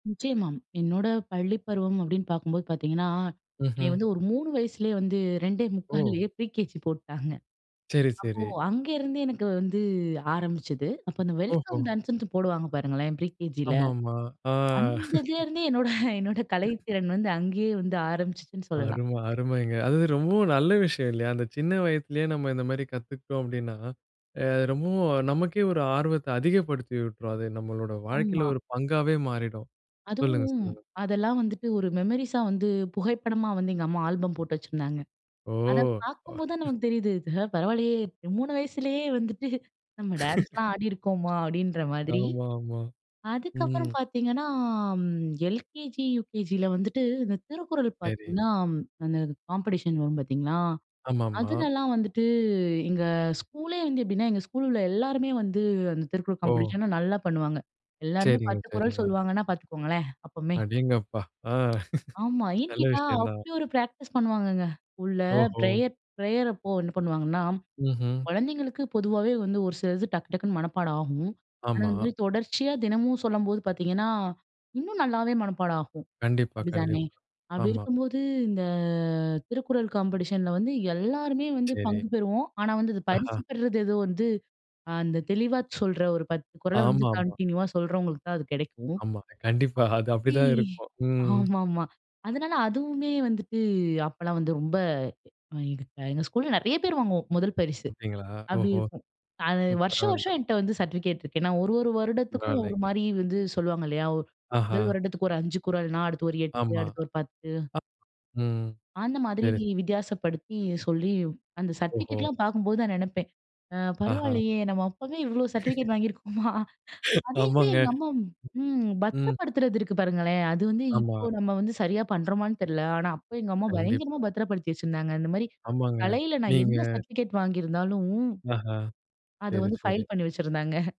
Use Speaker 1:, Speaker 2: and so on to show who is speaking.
Speaker 1: நிச்சயமா. என்னோட பள்ளி பருவம் அப்டின்னு பார்க்கும்போது பாத்தீங்கன்னா, என்னைய
Speaker 2: ம்ஹ்ம்.
Speaker 1: வந்து ஒரு 3 வயசுலயே வந்து, ரெண்டே
Speaker 2: ஓ!
Speaker 1: முக்கால்லையே Pre KG போட்டுட்டாங்க.
Speaker 2: சரி
Speaker 1: அப்போ
Speaker 2: சரி.
Speaker 1: அங்கேருந்தே எனக்கு வந்து ஆரம்பிச்சது, அப்போ அந்த வெல்கம்
Speaker 2: ஓஹோ!
Speaker 1: டான்ஸ்ன்ட்டு போடுவாங்க பாருங்களேன் Pre KGல.
Speaker 2: ஆமாமா. ஆ.
Speaker 1: அந்ததுலருந்தே என்னோட என்னோட கலைத்திறன் வந்து அங்கேயே வந்து ஆரம்பிச்சிருச்சுன்னு சொல்லலாம்
Speaker 2: அரும, அருமைங்க. அதுவும் ரொம்ப நல்ல விஷயம் இல்லையா? அந்த சின்ன வயதிலேயே நம்ம இந்த மாரி கத்துக்ட்டோம் அப்டின்னா, அது ரொம்ப நமக்கே ஒரு ஆர்வத்த அதிகப்படுத்தியூட்ரும். அது நம்மளுடைய வாழ்க்கைல
Speaker 1: ஆமா.
Speaker 2: ஒரு பங்காவே மாறிடும். சொல்லுங்க
Speaker 1: அதுவும்
Speaker 2: சொல்லுங்க.
Speaker 1: அதெல்லாம் வந்துட்டு ஒரு மெமரிஸா வந்து புகைப்படமா வந்து எங்க அம்மா ஆல்பம் போட்டு வச்சிருந்தாங்க. அத
Speaker 2: ஓ!
Speaker 1: பார்க்கும் போது தான் நமக்கு தெரியுது, பரவாயில்லையே 3 வயசுலயே வந்துட்டு நம்ம டான்ஸ்லாம் ஆடிருக்கோமா? அப்டின்ற மாதிரி.
Speaker 2: ஆமா ஆமா.
Speaker 1: அதுக்கப்பறம்
Speaker 2: ம்.
Speaker 1: பாத்தீங்கன்னா LKG, UKGல வந்துட்டு இந்த திருக்குறள்
Speaker 2: சரி.
Speaker 1: பாத்தீங்கன்னா, அந்த காம்பெடிஷன் வரும் பாத்தீங்களா,
Speaker 2: ஆமா, ஆமா.
Speaker 1: அதுலல்லாம் வந்துட்டு, எங்க ஸ்கூலே வந்து எப்டின்னா, எங்க ஸ்கூல்ல உள்ள எல்லாருமே வந்து அந்த திருக்குறள்
Speaker 2: ஓ!
Speaker 1: காம்பெடிஷன் நல்லா பண்ணுவாங்க. எல்லாருமே
Speaker 2: சரிங்க,
Speaker 1: 10 குறள்
Speaker 2: சரிங்க.
Speaker 1: சொல்லுவாங்கன்னா பாத்துக்கோங்களேன் அப்பமே.
Speaker 2: அடேங்கப்பா! அ
Speaker 1: ஆமா ஏன்னு
Speaker 2: நல்ல
Speaker 1: கேட்டா,
Speaker 2: விஷயம் தான்.
Speaker 1: அப்டி ஒரு பிராக்டிஸ் பண்ணுவாங்கங்க, ஸ்கூல்ல
Speaker 2: ஓஹோ!
Speaker 1: ப்ரேயர் ப்ரேயர் அப்போ என்ன பண்ணுவாங்கன்னா,
Speaker 2: ம்ஹ்ம்.
Speaker 1: குழந்தைகளுக்கு பொதுவாவே வந்து ஒரு சிலது டக்கு டக்குன்னு மனப்பாடம் ஆகும். ஆனா,
Speaker 2: ஆமா.
Speaker 1: இந்த மாரி தொடர்ச்சியா தினமும் சொல்லும்போது பாத்தீங்கன்னா, இன்னும் நல்லாவே மனப்பாடம் ஆகும்.
Speaker 2: கண்டிப்பா,
Speaker 1: அப்டித்தானே?
Speaker 2: கண்டிப்பா.
Speaker 1: அப்டி
Speaker 2: ஆமா.
Speaker 1: இருக்கும்போது இந்த திருக்குறள் காம்பெடிஷன்ல வந்து எல்லாருமே வந்து
Speaker 2: சரி.
Speaker 1: பங்கு பெறுவோம். ஆனா, வந்து பரிசு
Speaker 2: ஆஹா!
Speaker 1: பெற்றது ஏதோ வந்து, அந்த தெளிவாச் சொல்ற ஒரு 10 குறள வந்து
Speaker 2: ஆமா, ஆமா.
Speaker 1: கண்டினியூவா சொல்றவங்களுக்கு தான் அது கெடைக்கும்.
Speaker 2: ஆமா. கண்டிப்பா. அது அப்டிதான்
Speaker 1: [unintelligible]
Speaker 2: இருக்கும். ம்.
Speaker 1: ஆமா ஆமா. அதனால அதுவுமே வந்துட்டு அப்பெல்லாம் வந்து ரொம்ப, எங்க எங்க ஸ்கூல்ல நெறைய பேர் வாங்குவோம் முதல் பரிசு.
Speaker 2: அப்டிங்களா?
Speaker 1: அப்டி
Speaker 2: ஓஹோ!
Speaker 1: இருக்கும், வருஷம்
Speaker 2: பரவாயில்ல.
Speaker 1: வருஷம் என்ட்ட வந்து சர்டிபிகேட் இருக்கு. ஏன்னா ஒரு ஒரு வருடத்திற்கும் ஒரு
Speaker 2: பரவாயில்லங்க.
Speaker 1: மாரி வந்து சொல்லுவாங்க இல்லையா, முதல்
Speaker 2: ஆஹா!
Speaker 1: வருடத்திக்கு ஒரு 5 குறள்னா, அடுத்து ஒரு 8,
Speaker 2: ஆமா.
Speaker 1: அடுத்து ஒரு 10.
Speaker 2: ம்.
Speaker 1: அந்த மாதிரி
Speaker 2: சரி.
Speaker 1: வித்தியாசப்படுத்தி சொல்லி, அந்த
Speaker 2: ஓஹோ!
Speaker 1: சர்டிபிகேட்லாம் பார்க்கும்போது தான் நெனைப்பேன், அ
Speaker 2: ஆஹா!
Speaker 1: பரவாயில்லையே, நம்ம அப்பவே இவ்ளோ சர்டிபிகேட் வாங்கிருக்கோமா? அதையுமே
Speaker 2: ஆமாங்க.
Speaker 1: எங்க அம்மா ம்,
Speaker 2: ம்.
Speaker 1: பத்திரப்படுத்துறது இருக்கு பாருங்களேன், அது வந்து
Speaker 2: ஆமா.
Speaker 1: இப்போ நம்ம வந்து சரியா பண்றோமான்னு தெரியல ஆனா அப்போ எங்க அம்மா பயங்கரமா
Speaker 2: கண்டிப்பா.
Speaker 1: பத்ரப்படுத்தி வச்சிருந்தாங்க. இந்த மாரி
Speaker 2: ஆமாங்க.
Speaker 1: கலைல நான்
Speaker 2: நீங்க
Speaker 1: என்ன சர்டிபிகேட் வாங்கிருந்தாலும்,
Speaker 2: ஆஹா!
Speaker 1: அது
Speaker 2: சரி,
Speaker 1: வந்து
Speaker 2: சரி.
Speaker 1: பைல் பண்ணி வச்சிருந்தாங்க.